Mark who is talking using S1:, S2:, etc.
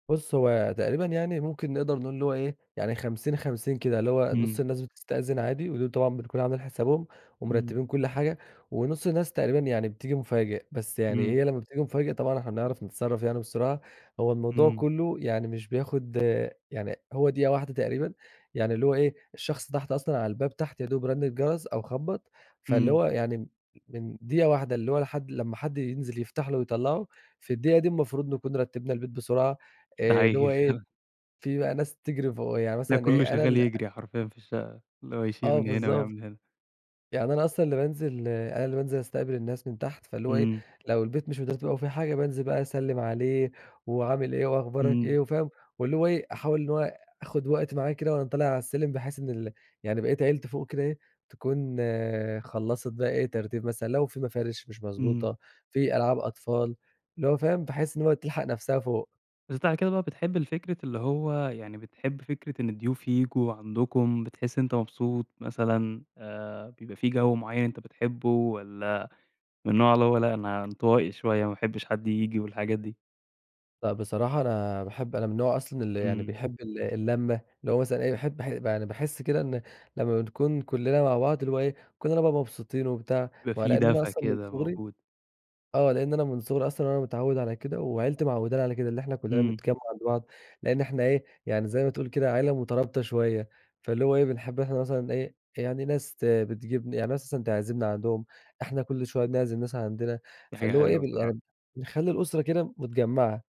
S1: بص، هو تقريبًا يعني ممكن نقدر نقول اللي هو إيه، يعني 50، 50 كده، اللي هو نص
S2: امم.
S1: الناس بتستأذن عادي، ودول طبعًا بنكون عاملين حسابهم
S2: امم.
S1: ومرتبين كل حاجة، ونص الناس تقريبًا يعني بتيجي مفاجئ. بس يعني
S2: امم.
S1: هي لما بتيجي مفاجئ، طبعًا إحنا بنعرف نتصرف يعني بسرعة. هو الموضوع
S2: امم.
S1: كله يعني مش بياخد آآ، يعني هو دقيقة واحدة تقريبًا، يعني اللي هو إيه، الشخص تحت أصلًا على الباب تحت يا دوب رن الجرس أو خبَّط، فاللي
S2: امم.
S1: هو يعني م من دقيقة واحدة اللي هو لحد لما حد ينزل يفتح له ويطلَّعه، في الدقيقة دي المفروض نكون رتبنا البيت بسرعة،
S2: دا
S1: اللي هو
S2: حقيقي
S1: إيه،
S2: فعلًا.
S1: في بقى ناس تجري فوق يعني
S2: تلاقي
S1: مثلًا
S2: كله
S1: إيه أنا
S2: شغال
S1: اللي أ
S2: يجري حرفيًا في الشقة، اللي هو بيشيل
S1: آه،
S2: من هنا
S1: بالضبط.
S2: ويعمل هنا.
S1: يعني أنا أصلًا اللي بانزل أنا اللي بانزل أستقبل الناس من تحت. فاللي هو إيه،
S2: امم.
S1: لو البيت مش مترتب أو فيه حاجة، بانزل بقى أسلم عليه وعامل إيه وأخبارك
S2: امم.
S1: إيه وفاهم؟ واللي هو إيه أحاول اللي هو آخد وقت معاه كده وأنا طالع على السلم، بحيث إن ال يعني بقية عيلتي فوق كده إيه، تكون خلَّصت بقى إيه ترتيب مثلًا؛ لو في مفارش مش
S2: امم.
S1: مضبوطة، في ألعاب أطفال، اللي هو فاهم؟ بحيث إن هو تلحق نفسها فوق.
S2: بس بعد كده بقى بتحب الفكرة اللي هو يعني بتحب فكرة إن الضيوف ييجوا عندكم بتحس أنت مبسوط مثلًا. آآ، بيبقى في جو معين أنت بتحبه، والّا من النوع اللي هو لأ انطوائي شوية ما باحبش حد ييجي والحاجات دي؟
S1: لأ، بصراحة أنا باحب أنا من نوع أصلًا اللي يعني
S2: امم.
S1: بيحب ال اللمة. اللي هو مثلًا إيه باحب ح أنا باحس كده إن لما بنكون كلنا مع بعض، اللي هو إيه، كلنا مبسوطين وبتاع.
S2: بيبقى
S1: وعلى
S2: في
S1: إن أنا
S2: دفا
S1: أصلًا من
S2: كده
S1: صغري
S2: موجود.
S1: آه، لإن أنا من صغري أصلًا وأنا متعود على كده، وعيلتي معوّدانا على كده، إن إحنا كلنا
S2: امم.
S1: بنتجمع مع بعض، لأن إحنا ايه، يعني زي ما تقول كده عيلة مترابطة شوية، فاللي هو إيه، بنحب إحنا مثلًا إيه، يعني ناس ت بتجيب ن يعني ناس مثلًا تعزمنا عندهم، إحنا كل شوية بنعزم ناس عندنا،
S2: دي حاجة
S1: فاللي هو إيه
S2: حلوة
S1: بال
S2: بصراحة.
S1: يعني نخلي الأسرة كده متجمعة.